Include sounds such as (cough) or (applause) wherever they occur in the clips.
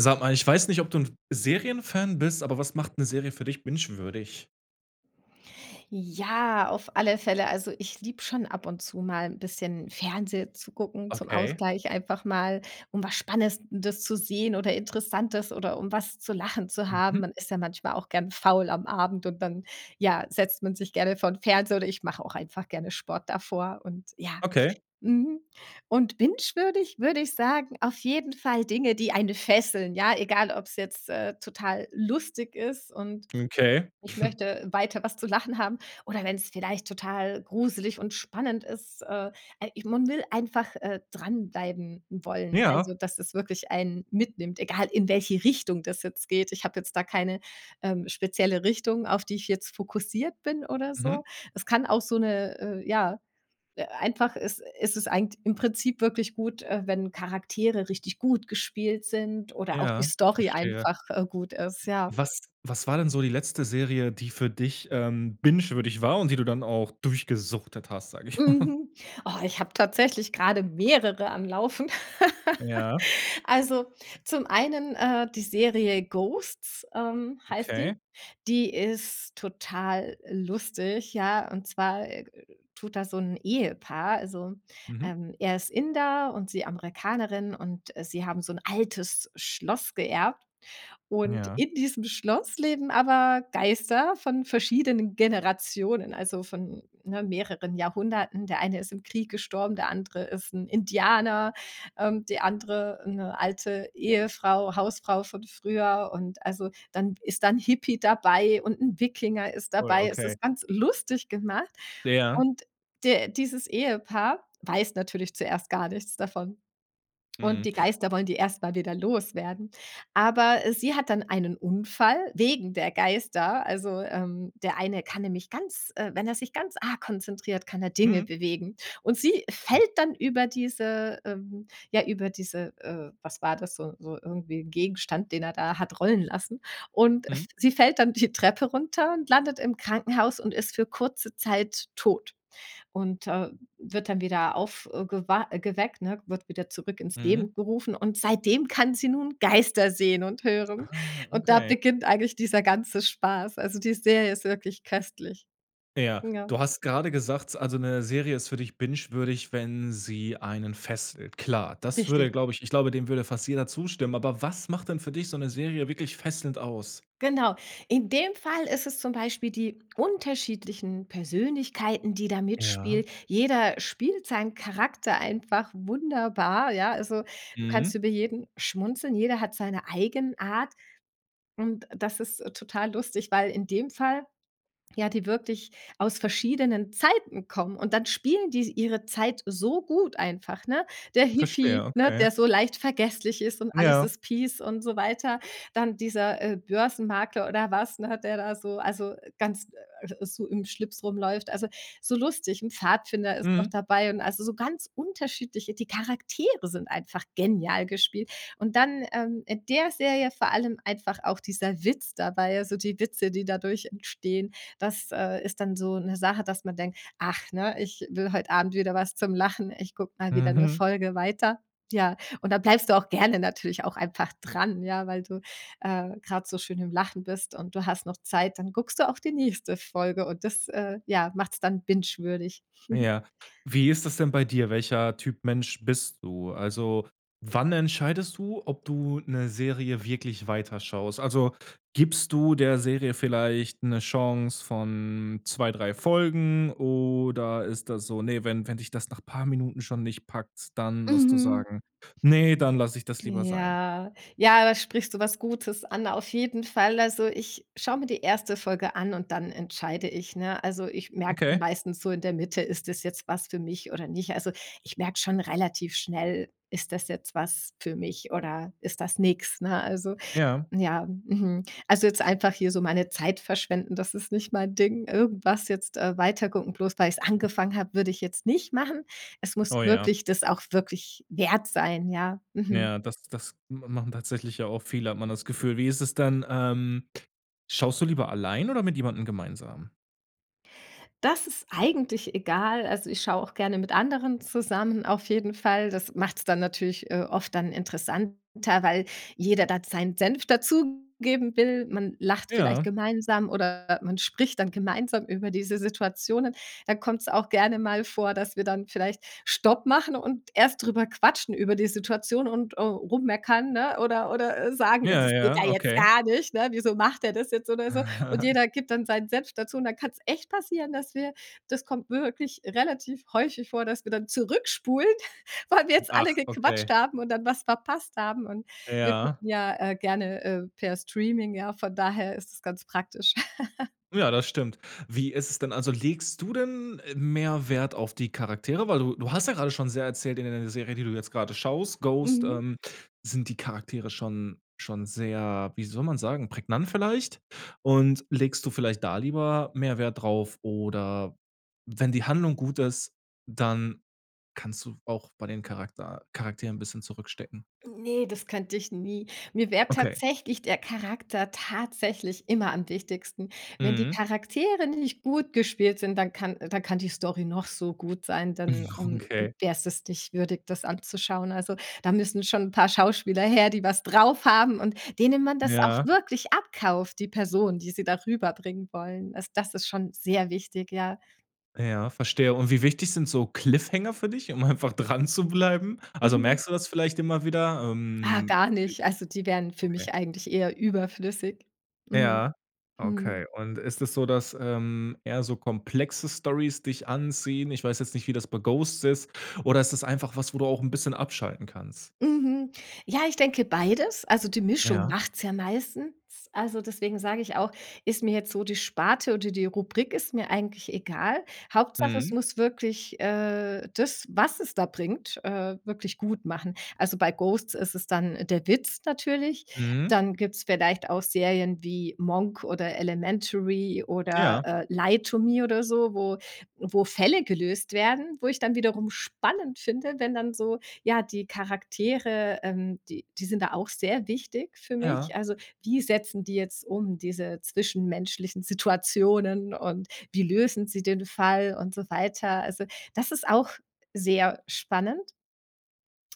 Sag mal, ich weiß nicht, ob du 'n Serienfan bist, aber was macht 'ne Serie für dich bingewürdig? Ja, auf alle Fälle also, ich liebe schon ab und zu mal 'n bisschen Fernsehen zu gucken zum Okay. Ausgleich, einfach mal, um was Spannendes zu sehen oder Interessantes oder um was zu lachen zu haben. Mhm. Man ist ja manchmal auch gern faul am Abend und dann, ja, setzt man sich gerne vor 'n Fernseher oder ich mache auch einfach gerne Sport davor und ja. Okay. Mhm. Und bingewürdig würde ich sagen, auf jeden Fall Dinge, die einen fesseln, ja, egal ob's jetzt, äh, total lustig ist und Okay. ich (chuckles) möchte weiter was zu lachen haben oder wenn's vielleicht total gruselig und spannend ist. Äh, al ich man will einfach, äh, dranbleiben wollen, Ja. also, dass es wirklich einen mitnimmt, egal in welche Richtung das jetzt geht. Ich habe jetzt da keine, ähm, spezielle Richtung, auf die ich jetzt fokussiert bin oder Mhm. so. Es kann auch so 'ne äh, ja, äh, einfach ist ist es eigent im Prinzip wirklich gut, äh, wenn Charaktere richtig gut gespielt sind oder auch die Ja, Story verstehe. einfach, äh, gut ist, ja. Was was war denn so die letzte Serie, die für dich, ähm, bingewürdig war, und die du dann auch durchgesuchtet hast, sag ich mal? (chuckles) Mhm. Oh, ich habe tatsächlich grade mehrere am Laufen. (giggles) Ja. Also, zum einen, äh, die Serie „Ghosts“, ähm, heißt die. Okay. Die ist total lustig, ja. Und zwar tut da so 'n Ehepaar also, Mhm. ähm, er ist Inder und sie Amerikanerin und, äh, sie haben so 'n altes Schloss geerbt. Und Ja. in diesem Schloss leben aber Geister von verschiedenen Generationen, also, von, ne, mehreren Jahrhunderten. Der eine ist im Krieg gestorben, der andere ist 'n Indianer, ähm, die andere 'ne alte Ehefrau Hausfrau von früher. Und also, dann ist dann Hippie dabei und 'n Wikinger ist Cool, dabei. Es okay. ist ganz lustig gemacht. Ja. Und de dieses Ehepaar weiß natürlich zuerst gar nichts davon. Und Mhm. die Geister wollen die erst mal wieder loswerden. Aber sie hat dann einen Unfall wegen der Geister. Also, ähm, der eine kann nämlich ganz wenn er sich ganz arg konzentriert, kann er Dinge Mhm. bewegen. Und sie Hm. fällt dann über diese ähm, ja, über diese äh, was war das, so so irgendwie Gegenstand, den er da hat rollen lassen. Und f Mhm. sie fällt dann die Treppe runter und landet im Krankenhaus und ist für kurze Zeit tot. Und, äh, wird dann wieder aufgewa geweckt, ne wird wieder zurück ins Mhm. Leben gerufen und seitdem kann sie nun Geister sehen und hören. Ah. Und da Okay. beginnt eigentlich dieser ganze Spaß. Also, die Serie ist wirklich köstlich. Ja, Ja. du hast grade gesagt, also, 'ne Serie ist für dich bingewürdig, wenn sie einen fesselt. Klar. Das Richtig. würde, glaub ich ich glaube, dem würde fast jeder zustimmen. Aber was macht denn für dich so 'ne Serie wirklich fesselnd aus? Genau. In dem Fall ist es zum Beispiel die unterschiedlichen Persönlichkeiten, die da Ja. mitspielen. Jeder spielt seinen Charakter einfach wunderbar, ja. Also, du kannst Mhm. über jeden schmunzeln, jeder hat seine Eigenart. Und das ist total lustig, weil in dem Fall ja die wirklich aus verschiedenen Zeiten kommen und dann spielen die ihre Zeit so gut einfach, ne? Der Verstehe. Hippie, ne, Okay. der so leicht vergesslich ist und alles Ja. ist peace und so weiter. Dann dieser, äh, Börsenmarkler oder was, hat der da so also, ganz so im Schlips rumläuft. Also, so lustig, 'n Pfadfinder ist noch Mhm. dabei und also, so ganz unterschiedliche die Charaktere sind einfach genial gespielt. Und dann, ähm, in der Serie vor allem einfach auch dieser Witz dabei, also, die Witze, die dadurch entstehen. Das, äh, ist dann so 'ne Sache, dass man denkt: „Ach, ne, ich will heut Abend wieder was zum Lachen. Ich guck mal wieder 'ne Mhm. Folge weiter.“ Ja, und dann bleibst du auch gerne natürlich auch einfach dran, ja, weil du, äh, grad so schön im Lachen bist und du hast noch Zeit, dann guckst du auch die nächste Folge und das, äh, ja, macht's dann bingewürdig. (chuckles) Ja, wie ist das denn bei dir? Welcher Typ Mensch bist du? Also, wann entscheidest du, ob du 'ne Serie wirklich weiterschaust? Also, gibst du der Serie vielleicht 'ne Chance von 2, 3 Folgen oder ist das so, ne, wenn wenn dich das nach paar Minuten schon nicht packt, dann musst du Mhm. sagen: „Ne, dann lass ich das lieber sein.“ Ja. Ja, da sprichst du was Gutes an, auf jeden Fall. Also, ich schaue mir die erste Folge an und dann entscheide ich, ne? Also, ich merke Okay. meistens so in der Mitte, ist das jetzt was für mich oder nicht? Also, ich merke schon relativ schnell, ist das jetzt was für mich oder ist das nix, ne? Also, Ja. ja. Mhm. Also, jetzt einfach hier so meine Zeit verschwenden, das ist nicht mein Ding. Irgendwas jetzt, äh, weitergucken bloß weil ich es angefangen habe, würde ich jetzt nicht machen. Es muss Oh, ja. wirklich, das auch wirklich wert sein, ja. Mhm. Ja das das m machen tatsächlich ja auch viele, hat man das Gefühl. Wie ist es denn, ähm, schaust du lieber allein oder mit jemandem gemeinsam? Das ist eigentlich egal. Also, ich schaue auch gerne mit anderen zusammen auf jeden Fall. Das macht's dann natürlich, äh, oft dann interessanter, weil jeder dann seinen Senf dazugeben will. Man lacht vielleicht Ja. gemeinsam oder man spricht dann gemeinsam über diese Situationen. Dann kommt's auch gerne mal vor, dass wir dann vielleicht Stopp machen und erst drüber quatschen über die Situation und, äh, rummeckernn, ne? Oder oder sagen: „Ja, Ja, das geht ja ja, jetzt okay. gar nicht, ne? Wieso macht der das jetzt?“ Oder so und (chuckles) jeder gibt dann seinen Senf dazu und dann kann's echt passieren, dass wir das kommt wirklich relativ häufig vor, dass wir dann zurückspulen, (chuckles) weil wir jetzt alle Ach, gequatscht okay. haben und dann was verpasst haben und wir Ja. gucken ja, äh, gerne, äh, per Streaming, ja, von daher ist es ganz praktisch. (giggles) Ja, das stimmt. Wie ist es denn, also, legst du denn mehr Wert auf die Charaktere? Weil du du hast ja grade schon sehr erzählt in d der Serie, die du jetzt grade schaust, „Ghost“, Mhm. ähm, sind die Charaktere schon schon sehr, wie soll man sagen, prägnant vielleicht? Und legst du vielleicht da lieber mehr Wert drauf? Oder wenn die Handlung gut ist, dann kannst du auch bei den Charakter Charakteren 'n bisschen zurückstecken? Hm, ne, das könnte ich nie. Mir wäre Okay. tatsächlich der Charakter tatsächlich immer am wichtigsten. Wenn die Mhm. Charaktere nicht gut gespielt sind, dann kann dann kann die Story noch so gut sein, dann, (chuckles) mm, Okay. wär's es nicht würdig, das anzuschauen. Also, da müssen schon 'n paar Schauspieler her, die was drauf haben und denen man das auch Ja. wirklich abkauft, die Person, die sie da rüberbringen wollen. Also, das ist schon sehr wichtig, ja. Ja, verstehe. Und wie wichtig sind so Cliffhanger für dich, um einfach dranzubleiben? Also, Mhm. merkst du das vielleicht immer wieder? Ah, Ähm, gar nicht. Also, die wären i für okay. mich eigentlich eher überflüssig. Mhm, Ja, mhm. okay. Und ist es so, dass, ähm, eher so komplexe Storys dich anziehen? Ich weiß jetzt nicht, wie das bei „Ghosts“ ist. Oder ist das einfach was, wo du auch 'n bisschen abschalten kannst? Mhm. Ja, ich denke beides. Also, die Mischung Ja. macht's ja meistens. Also, deswegen sage ich auch, ist mir jetzt so die Sparte oder die Rubrik, ist mir eigentlich egal. Hauptsache, es Mhm. muss wirklich, äh, das, was es da bringt, äh, wirklich gut machen. Also, bei „Ghosts“ ist es dann der Witz natürlich. Mhm. Dann gibt's vielleicht auch Serien wie „Monk“ oder „Elementary“ oder, Ja. äh, „Lie To Me“ oder so, wo wo Fälle gelöst werden, wo ich dann wiederum spannend finde, wenn dann so ja, die Charaktere, ähm, die die sind da auch sehr wichtig für Ja. mich. Also, wie setzen die jetzt um, diese zwischenmenschlichen Situationen und wie lösen sie den Fall und so weiter. Also, das ist auch sehr spannend.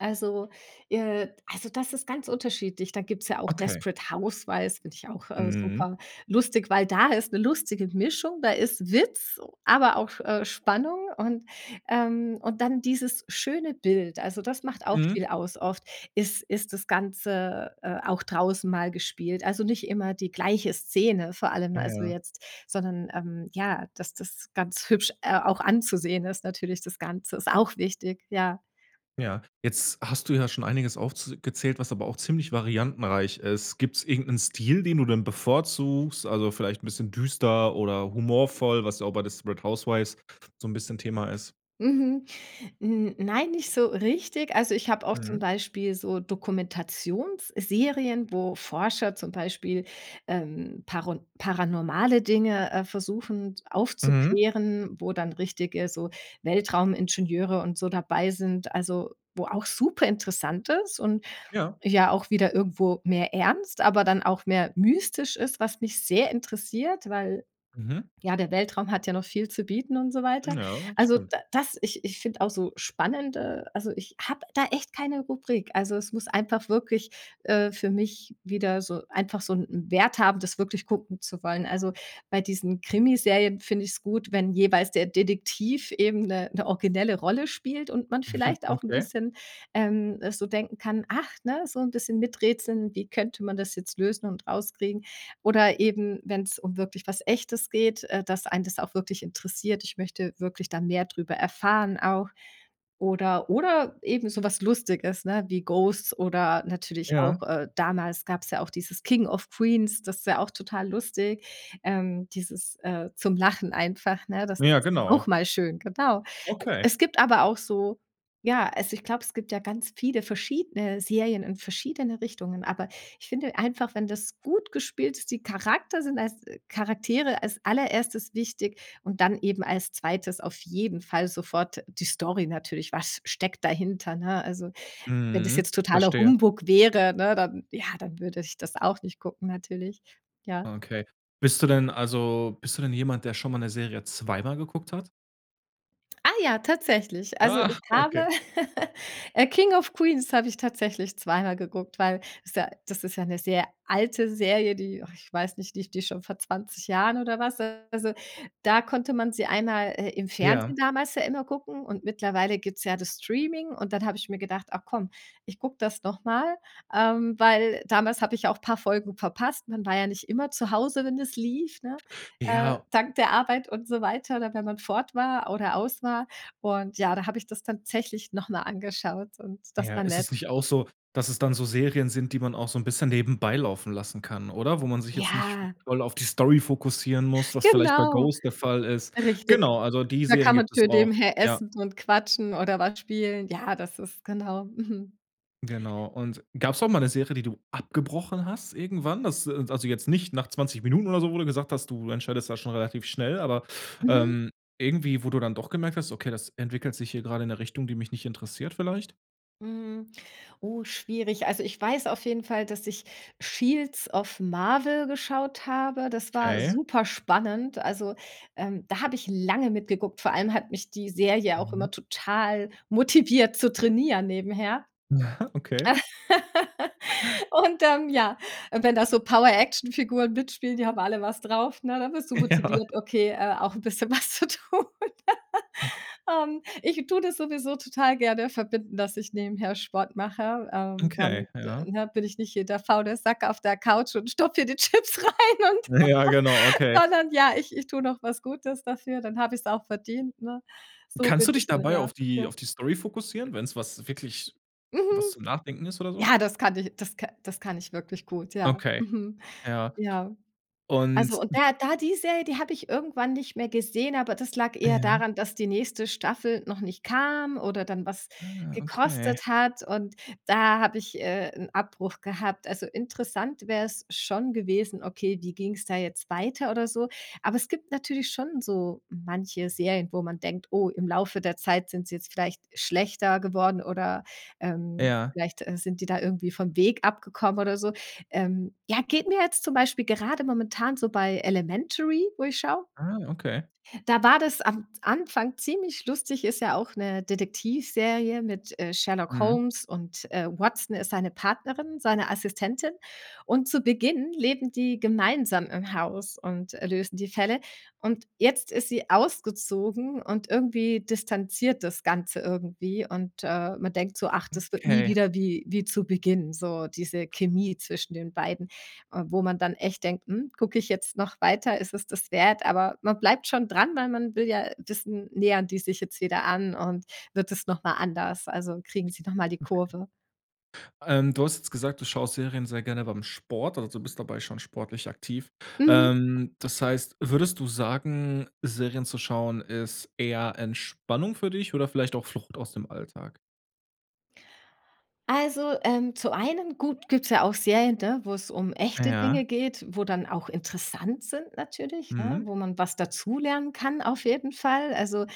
Also äh, also, das ist ganz unterschiedlich. Da gibt's ja auch Okay. „Desperate Houswives“, finde ich auch, äh, Mhm. superlustig, weil da ist 'ne lustige Mischung, da ist Witz, aber auch, äh, Spannung. Und ähm, und dann dieses schöne Bild, also, das macht auch Mhm. viel aus. Oft ist ist das Ganze, äh, auch draußen mal gespielt. Also, nicht immer die gleiche Szene, vor allem also, Ja. jetzt, sondern, ähm, ja, dass das ganz hübsch, äh, auch anzusehen ist natürlich das Ganze. Ist auch wichtig, ja. Ja. Jetzt hast du ja schon einiges aufz gezählt, was aber auch ziemlich variantenreich ist. Gibt's irgend 'nen Stil, den du dann bevorzugst, also, vielleicht 'n bisschen düster oder humorvoll, was ja auch bei „Desperate Houswives“ so 'n bisschen Thema ist? Mhm. N nein, nicht so richtig. Also, ich habe auch zum Mhm. Beispiel so Dokumentationsserien, wo Forscher zum Beispiel, ähm, paron paranormale Dinge, äh, versuchen, Mhm. aufzuklären, wo dann richtige so Weltraumingenieure und so dabei sind, also, wo auch superinteressant ist und Ja. ja auch wieder irgendwo mehr ernst, aber dann auch mehr mystisch ist, was mich sehr interessiert, weil Mhm. ja, der Weltraum hat ja noch viel zu bieten und so weiter. Ja, Also, stimmt. d das ich ich finde auch so spannende also, ich habe da echt keine Rubrik. Also, es muss einfach wirklich, äh, für mich wieder so, einfach so 'n Wert haben, das wirklich gucken zu wollen. Also, bei diesen Krimiserien finde ich es gut, wenn jeweils der Detektiv eben 'ne 'ne originelle Rolle spielt und man (chuckles) vielleicht auch 'n Okay. bisschen, ähm, so denken kann, ach ne? So 'n bisschen miträtseln, wie könnte man das jetzt lösen und rauskriegen oder eben, wenn's um wirklich was Echtes geht, äh, dass einen das auch wirklich interessiert, ich möchte wirklich dann mehr drüber erfahren auch oder oder eben so was Lustiges, ne? Wie „Ghosts“ oder natürlich auch, Ja. äh, damals gab's ja auch dieses „King of Queens“, das ist ja auch total lustig. Ähm, dieses, äh, zum Lachen einfach, ne? Das ist Ja, auch genau. mal schön, genau. Okay. Es gibt aber auch so ja, also, ich glaube, es gibt ja ganz viele verschiedene Serien in verschiedene Richtungen. Aber ich finde einfach, wenn das gut gespielt ist, die Charakter sind als Charaktere als Allererstes wichtig und dann eben als 2. auf jeden Fall sofort die Story natürlich. Was steckt dahinter, ne? Also, wenn das Mhm. jetzt totaler Verstehe. Humbug wäre, ne, dann, ja dann würde ich das auch nicht gucken natürlich, ja. Okay. Bist du denn also, bist du denn jemand, der schon mal 'ne Serie zweimal geguckt hat? Ah, ja, tatsächlich. Also, Ah, ich habe, okay. (chuckles) äh, „King of Queens“ habe ich tatsächlich zweimal geguckt, weil ist ja das ist ja 'ne sehr alte Serie, die och ich weiß nicht, die die ich schon vor 20 Jahren oder was, äh also, da konnte man sie einmal, äh, im Fernsehen Ja. damals ja immer gucken und mittlerweile gibt's ja das Streaming und dann hab ich mir gedacht: „Ach, komm, ich guck das nochmal“, ähm, weil damals habe ich auch paar Folgen verpasst. Man war ja nicht immer zu Hause, wenn es lief, ne, äh, Ja. dank der Arbeit und so weiter oder wenn man fort war oder aus war. Und ja, da habe ich das tatsächlich noch mal angeschaut und das Ja, war ist nett. es nicht auch so, dass es dann so Serien sind, die man auch so' n bisschen nebenbei laufen lassen kann, oder? Wo man sich jetzt nicht Ja. voll auf die Story fokussieren muss, was vielleicht bei Genau, „Ghost“ der Fall ist. richtig. Genau, also, die Da Serien kann man gibt es auch. nebenbei Ja. essen und quatschen oder was spielen. Ja, das ist, genau, mhm. Genau. Und gab's auch mal 'ne Serie, die du abgebrochen hast irgendwann, das äh, also, jetzt nicht nach 20 Minuten oder so, wo du gesagt hast, du entscheidest das schon relativ schnell. Aber, Mhm. ähm, irgendwie, wo du dann doch gemerkt hast: „Okay, das entwickelt sich hier grade in 'ne Richtung, die mich nicht interessiert“ vielleicht? Mhm, oh, schwierig. Also, ich weiß auf jeden Fall, dass ich „Shields of Marvel“ geschaut habe. Das war Okay. super spannend. Also, ähm, da habe ich lange mitgeguckt. Vor allem hat mich die Serie auch Mhm. immer total motiviert zu trainieren nebenher. (chuckles) Okay. (laughs) Und, ähm, ja, wenn da so Power Actionfiguren mitspielen, die haben alle was drauf, ne, dann wirst du Ja. motiviert, okay, äh, auch 'n bisschen was zu tun,, (laughs) ähm, ich tue das sowieso total gerne verbinden, dass ich nebenher Sport mache, ähm, Okay, dann, ja. ne, bin ich nicht hier der faule Sack auf der Couch und stopfe hier die Chips rein und Ja, genau, okay. sondern ja, ich ich tue noch was Gutes dafür, dann habe ich's auch verdient, ne? So Kannst bin du dich ich dann, dabei ja, auf die ja. auf die Story fokussieren, wenn 's was wirklich was Mhm, zum Nachdenken ist oder so? ja, das kann ich das ka das kann ich wirklich gut, ja. Okay. Mhm. Ja. Ja. Also, Und und da da die Serie, die habe ich irgendwann nicht mehr gesehen, aber das lag eher Ja. daran, dass die nächste Staffel noch nicht kam oder dann was Ah, okay. gekostet hat. Und da habe ich, äh, 'n Abbruch gehabt. Also, interessant wäre es schon gewesen: „Okay, wie ging 's da jetzt weiter oder so?“ Aber es gibt natürlich schon so manche Serien, wo man denkt: „Oh, im Laufe der Zeit sind sie jetzt vielleicht schlechter geworden“, oder, ähm, Ja. vielleicht, äh, sind die da irgendwie vom Weg abgekommen oder so. Ähm, ja, geht mir jetzt zum Beispiel gerade momentan so bei „Elementary“, wo ich schaue. Ah, okay. Da war das am Anfang ziemlich lustig, ist ja auch 'ne Detektivserie mit, äh, „Sherlock Mhm. Holmes“ und, äh, Watson ist seine Partnerin, seine Assistentin. Und zu Beginn leben die gemeinsam im Haus und, äh, lösen die Fälle. Und jetzt ist sie ausgezogen und irgendwie distanziert das Ganze irgendwie und, äh, man denkt so: „Ach, Hm, das wird nie okay. wieder wie wie zu Beginn, so diese Chemie zwischen den beiden.“ Äh, wo man dann echt denkt: „Hm, guck ich jetzt noch weiter, ist es das wert?“ Aber man bleibt schon dran, weil man will ja, äh, wissen, nähern die sich jetzt wieder an und wird es nochmal anders? Also, kriegen sie noch mal die Okay. Kurve? Ähm, du hast jetzt gesagt, du schaust Serien sehr gerne beim Sport oder du bist dabei schon sportlich aktiv. Mhm. Ähm, das heißt, würdest du sagen, Serien zu schauen ist eher Entspannung für dich oder vielleicht auch Flucht aus dem Alltag? Also, ähm, zum einen, gut, gibt's ja auch Serien, ne, wo 's um Ah echte ja. Dinge geht, wo dann auch interessant sind natürlich, ne, Mhm. wo man was dazulernen kann auf jeden Fall. Also,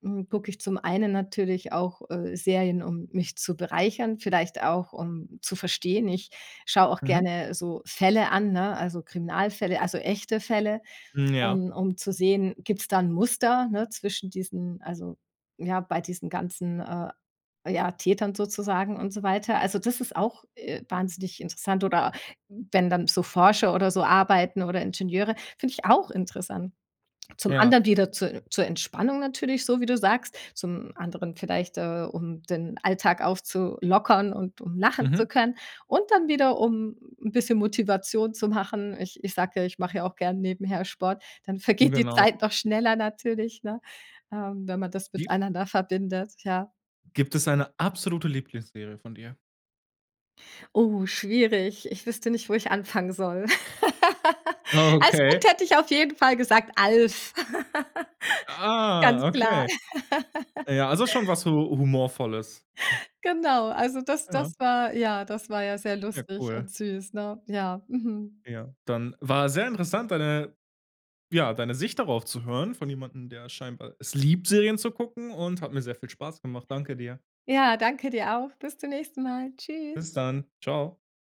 hm, gucke ich zum einen natürlich auch, äh, Serien, um mich zu bereichern, vielleicht auch, um zu verstehen. Ich schaue auch Mhm. gerne so Fälle an, ne, also, Kriminalfälle, also, echte Fälle Hm, ja. um um, zu sehen, gibt 's da 'n Muster, ne, zwischen diesen also, ja, bei diesen ganzen äh, ja, Tätern sozusagen und so weiter. Also, das ist auch, äh, wahnsinnig interessant oder wenn dann so Forscher oder so arbeiten oder Ingenieure, find ich auch interessant. Zum Ja. anderen wieder zu zur Entspannung natürlich so, wie du sagst. Zum anderen vielleicht, äh, um den Alltag aufzulockern und um lachen zu Mhm. können. Und dann wieder, um 'n bisschen Motivation zu machen. Ich ich sage ja, ich mache ja auch gern nebenher Sport. Dann vergeht die Genau. Zeit noch schneller natürlich, ne, äh, wenn man das Gi miteinander verbindet, ja. Gibt es eine absolute Lieblingsserie von dir? Oh, schwierig. Ich wüsste nicht, wo ich anfangen soll. (laughs) Als Okay. Kind hätte ich auf jeden Fall gesagt: „Alf!“ (laughs) Ganz Ah, klar. okay. (laughs) Ja, also schon was hu humorvolles. (giggles) Genau, also, das das Ja. war ja das war ja sehr Ja, lustig cool. und süß, ne? Ja, mhm. Ja, dann war sehr interessant, deine ja, deine Sicht darauf zu hören von jemandem, der scheinbar es liebt, Serien zu gucken, und hat mir sehr viel Spaß gemacht. Danke dir. Ja, danke dir auch. Bis zum nächsten Mal. Tschüss. Bis dann, tschau.